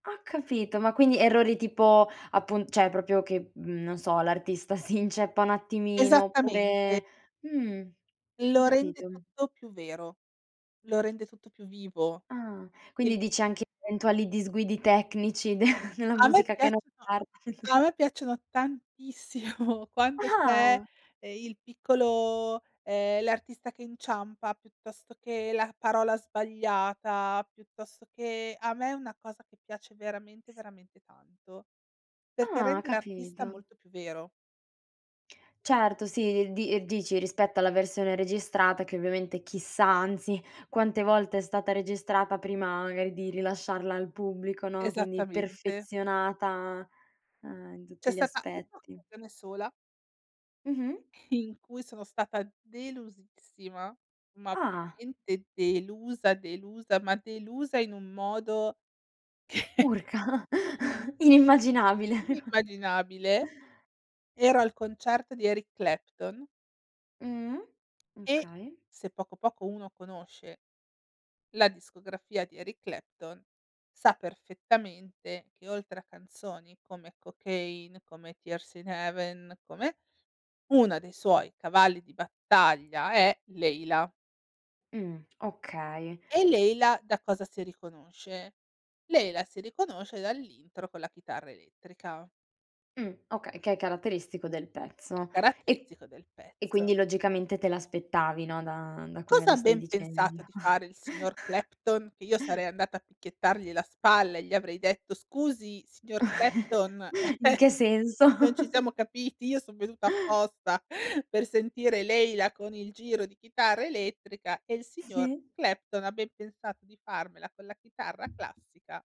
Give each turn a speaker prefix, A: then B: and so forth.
A: Ho capito, ma quindi, errori tipo, appun cioè proprio che mhmm, non so, l'artista si inceppa un attimino
B: Esattamente.
A: oppure mhmm, ho
B: Lo rende
A: capito.
B: tutto più vero. Lo rende tutto più vivo.
A: Ah,
B: Il
A: quindi dice anche eventuali disguidi tecnici de nella
B: A me
A: musica che non
B: piacciono
A: par
B: a me piacciono tantissimo quando c'è,
A: Ah!
B: ehm, il piccolo ehm, l'artista che inciampa, piuttosto che la parola sbagliata, piuttosto che a me è una cosa che piace veramente, veramente tanto, perché
A: Ah,
B: rende l'artista
A: capito.
B: molto più vero.
A: Certo, sì, di ehm, dici, rispetto alla versione registrata, che, ovviamente, chissà, anzi, quante volte è stata registrata, prima magari di rilasciarla al pubblico, no, quindi
B: Esattamente.
A: perfezionata, ehm, in
B: C'è
A: tutti gli
B: stata
A: aspetti.
B: un'occasione sola
A: Mh-mh.
B: in cui sono stata delusissima, ma
A: Ah.
B: veramente delusa, delusa, ma delusa in un modo che
A: Urca, inimmaginabile.
B: inimmaginabile. Ero al concerto di Eric Clapton.
A: Mh-mh,
B: E
A: okay.
B: se poco poco, uno conosce la discografia di Eric Clapton, sa perfettamente, che oltre a canzoni come "Cocaine", come "Tears in Heaven", come e 1 dei suoi cavalli di battaglia è "Layla".
A: Mh, okay.
B: E "Layla" da cosa si riconosce? "Layla" si riconosce dall'intro con la chitarra elettrica.
A: Mh, okay, che è caratteristico del
B: Che è
A: pezzo e
B: caratteristico del
A: e
B: pezzo.
A: quindi, logicamente, te l'aspettavi, no, da da come
B: Cosa
A: la
B: ha
A: stai
B: ben pensato
A: dicendo.
B: di fare, il signor Clapton? Che io sarei andata a picchiettargli la spalla e gli avrei detto: "Scusi, signor Clapton,
A: In che senso?
B: non ci siamo capiti, io son venuta apposta, per sentire "Layla" con il giro di chitarra elettrica." E il signor
A: Sì.
B: Clapton ha ben pensato di farmela con la chitarra classica.